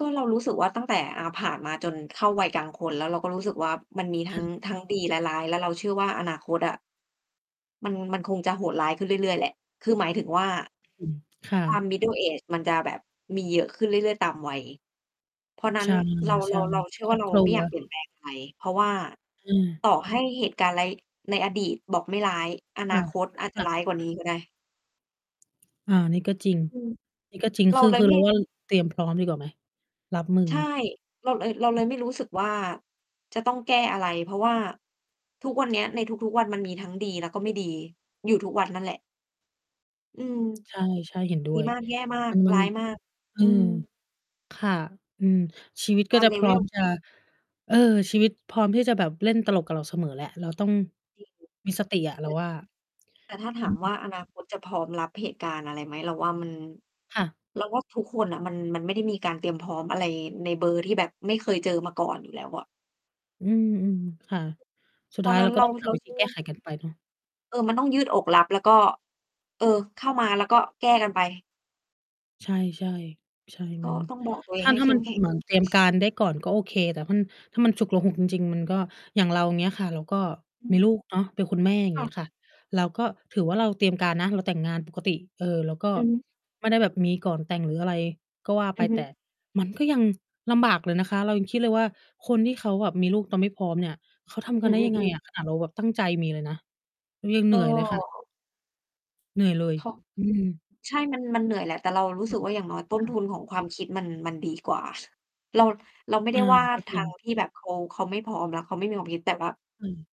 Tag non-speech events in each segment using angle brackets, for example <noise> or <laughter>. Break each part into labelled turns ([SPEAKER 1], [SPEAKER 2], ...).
[SPEAKER 1] ก็เรารู้สึกว่าตั้งแต่ อ่า ผ่านมาจนเข้าวัยกลางคน แล้วเราก็รู้สึกว่ามันมีท
[SPEAKER 2] ค
[SPEAKER 1] ั้
[SPEAKER 2] ่
[SPEAKER 1] ง
[SPEAKER 2] ะ
[SPEAKER 1] ทั้งดีและร้าย แล้วเราเชื่อว่าอนาคตอะ มัน มันคงจะโหดร้ายขึ้นเรื่อย ๆ แหละ คือหมายถึงว่า
[SPEAKER 2] อืม ค่ะ
[SPEAKER 1] ความ middle age มันจะแบบมีเยอะขึ้นเรื่อย ๆ ตามวัย เพราะนั้
[SPEAKER 2] ใช
[SPEAKER 1] น
[SPEAKER 2] ่
[SPEAKER 1] เรา
[SPEAKER 2] ใช
[SPEAKER 1] เร
[SPEAKER 2] ่
[SPEAKER 1] า เราเชื่อ
[SPEAKER 2] ค
[SPEAKER 1] ว
[SPEAKER 2] ร
[SPEAKER 1] ่า
[SPEAKER 2] อบ
[SPEAKER 1] เรา
[SPEAKER 2] ครั
[SPEAKER 1] ไม่อยาก เ
[SPEAKER 2] ว
[SPEAKER 1] ปลี่ยนแปลง อะไร เพราะว่า
[SPEAKER 2] อ
[SPEAKER 1] ต
[SPEAKER 2] า
[SPEAKER 1] ่อให้เหตุการณ์ร้าย ในอดีตบอกไม่ร้าย อ
[SPEAKER 2] ค
[SPEAKER 1] น
[SPEAKER 2] ่
[SPEAKER 1] า
[SPEAKER 2] ะ
[SPEAKER 1] คตอาจ จ
[SPEAKER 2] ค
[SPEAKER 1] ะ
[SPEAKER 2] ่
[SPEAKER 1] ร
[SPEAKER 2] ะ
[SPEAKER 1] ้ายกว่านี้ก็ได้
[SPEAKER 2] อา นี่ก็จริง
[SPEAKER 1] อืม
[SPEAKER 2] นี่ก็จริง
[SPEAKER 1] เร
[SPEAKER 2] ค
[SPEAKER 1] า
[SPEAKER 2] ือ
[SPEAKER 1] เล
[SPEAKER 2] ค
[SPEAKER 1] ย
[SPEAKER 2] ือ
[SPEAKER 1] ไ
[SPEAKER 2] เ
[SPEAKER 1] ม
[SPEAKER 2] รา
[SPEAKER 1] ่
[SPEAKER 2] ว่า เตรียมพร้อมดีกว่าไหม? รับมือ
[SPEAKER 1] ใช่ เราเลย เราเลยไม่รู้สึกว่าจะต้องแก้อะไร เพราะว่าทุกวันเนี้ย ในทุก ๆ วันมันมีทั้งดี แล้วก็ไม่ดี อยู่ทุกวันนั่นแหละ อืม
[SPEAKER 2] ใช่ ๆ เห็นด้
[SPEAKER 1] ดี
[SPEAKER 2] วย
[SPEAKER 1] มาก แย่มาก
[SPEAKER 2] มั
[SPEAKER 1] ร
[SPEAKER 2] น
[SPEAKER 1] ้ายมาก
[SPEAKER 2] ๆ อื
[SPEAKER 1] อื
[SPEAKER 2] ม
[SPEAKER 1] ม
[SPEAKER 2] ค่ะ อืม ชีวิต
[SPEAKER 1] ต
[SPEAKER 2] ก็
[SPEAKER 1] า
[SPEAKER 2] จ
[SPEAKER 1] ม
[SPEAKER 2] ะ พร้อม
[SPEAKER 1] level
[SPEAKER 2] จะ เออ ชีวิตพร้อมที่จะแบบเล่นตลกกับเราเสมอแหละ เราต้อง
[SPEAKER 1] จริง
[SPEAKER 2] มีสติอะ เ
[SPEAKER 1] เ
[SPEAKER 2] ร
[SPEAKER 1] ป
[SPEAKER 2] า
[SPEAKER 1] ิด
[SPEAKER 2] ว่า
[SPEAKER 1] แต่ถ้าถ
[SPEAKER 2] อื
[SPEAKER 1] าม
[SPEAKER 2] ม
[SPEAKER 1] ว่าอนาคตจะพร้อมรับเหตุการณ์อะไรไหม? เราว่ามัน
[SPEAKER 2] ค่ะ
[SPEAKER 1] เราว่าทุกคนน่ะ มัน มันไม่ได้มีการเตรียมพร้อมอะไรในเบอร์ที่แบบไม่เคยเจอมาก่อนอยู่แล้วอะ
[SPEAKER 2] อืม ๆ ค่ะ สุด
[SPEAKER 1] เพ
[SPEAKER 2] ท
[SPEAKER 1] รา
[SPEAKER 2] ้า
[SPEAKER 1] ะ
[SPEAKER 2] ย
[SPEAKER 1] นั
[SPEAKER 2] เ
[SPEAKER 1] ้
[SPEAKER 2] รา
[SPEAKER 1] น
[SPEAKER 2] ก
[SPEAKER 1] เ
[SPEAKER 2] ็
[SPEAKER 1] ร
[SPEAKER 2] ต
[SPEAKER 1] า
[SPEAKER 2] ้องหา
[SPEAKER 1] เรา
[SPEAKER 2] วิ
[SPEAKER 1] เ
[SPEAKER 2] ธ
[SPEAKER 1] ช
[SPEAKER 2] ี
[SPEAKER 1] ื่อ
[SPEAKER 2] แก้
[SPEAKER 1] ว่า
[SPEAKER 2] ไขกันไปเนาะ
[SPEAKER 1] เออ มันต้องยืดอกรับ แล้วก็ เออ เข้ามาแล้วก็แก้กันไป
[SPEAKER 2] ใช่ ๆ ใช่
[SPEAKER 1] ก็
[SPEAKER 2] มัน
[SPEAKER 1] ต้องบอกตัวเอ
[SPEAKER 2] ถ
[SPEAKER 1] ง
[SPEAKER 2] ้า
[SPEAKER 1] ให้
[SPEAKER 2] ถ้
[SPEAKER 1] เ
[SPEAKER 2] า
[SPEAKER 1] ข
[SPEAKER 2] ม
[SPEAKER 1] ้
[SPEAKER 2] ั
[SPEAKER 1] ม
[SPEAKER 2] น
[SPEAKER 1] แข็ง
[SPEAKER 2] เหมือนเตรียมการได้ก่อนก็โอเค แต่มัน ถ้ามันฉุกละหุกจริง ๆ มันก็ อย่างเราเงี้ยค่ะ เราก็
[SPEAKER 1] อื
[SPEAKER 2] มี
[SPEAKER 1] ม
[SPEAKER 2] ลูกเนาะ เป็นคุณแม่อย่าง
[SPEAKER 1] ค
[SPEAKER 2] เ
[SPEAKER 1] ่
[SPEAKER 2] งี้ย
[SPEAKER 1] ะ
[SPEAKER 2] ค่ะ เราก็ถือว่าเราเตรียมการนะ เราแต่งงานปกติ เออ เราก็
[SPEAKER 1] อือฮึ
[SPEAKER 2] ไม่ได้แบบมีก่อนแต่ง หรืออะไรก็ว่า
[SPEAKER 1] อ
[SPEAKER 2] ไป
[SPEAKER 1] ือฮ
[SPEAKER 2] แต
[SPEAKER 1] ึ
[SPEAKER 2] ่มันก็ยัง ลำบากเลยนะคะ เรายังคิดเลยว่าคนที่เขาแบบมีลูกตอนไม่พร้อมเนี่ย เขาทำ
[SPEAKER 1] อ
[SPEAKER 2] กั
[SPEAKER 1] ื
[SPEAKER 2] นได้ยัง ไง
[SPEAKER 1] อ ๆ
[SPEAKER 2] อ
[SPEAKER 1] ๆ
[SPEAKER 2] ะ ขนาดเราแบบตั้งใจมีเลยนะ เรายังเ
[SPEAKER 1] ก
[SPEAKER 2] หน
[SPEAKER 1] ็
[SPEAKER 2] ื่อยเลย ค่ะ เหนื่อยเลย
[SPEAKER 1] <unintelligible>
[SPEAKER 2] อืม
[SPEAKER 1] ใช่ มัน มันเหนื่อยแหละ แต่เรารู้
[SPEAKER 2] ค
[SPEAKER 1] ส
[SPEAKER 2] ่
[SPEAKER 1] ึ
[SPEAKER 2] ะ
[SPEAKER 1] กว่า อย่างน้อยต้
[SPEAKER 2] ค
[SPEAKER 1] น
[SPEAKER 2] ่
[SPEAKER 1] ท
[SPEAKER 2] ะ
[SPEAKER 1] ุนของความคิดมัน มันดีกว่า เรา เราไม่ไ
[SPEAKER 2] อ
[SPEAKER 1] ด้
[SPEAKER 2] า
[SPEAKER 1] ว่า
[SPEAKER 2] ก็
[SPEAKER 1] ท
[SPEAKER 2] จร
[SPEAKER 1] า
[SPEAKER 2] ิง
[SPEAKER 1] งที่แบบเขา เขาไม่พร้อม แล้วเขาไม่มีความคิด แต่แบบ
[SPEAKER 2] อา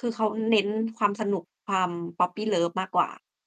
[SPEAKER 1] คือเขาเน้นความสนุก ความ puppy love มากกว่า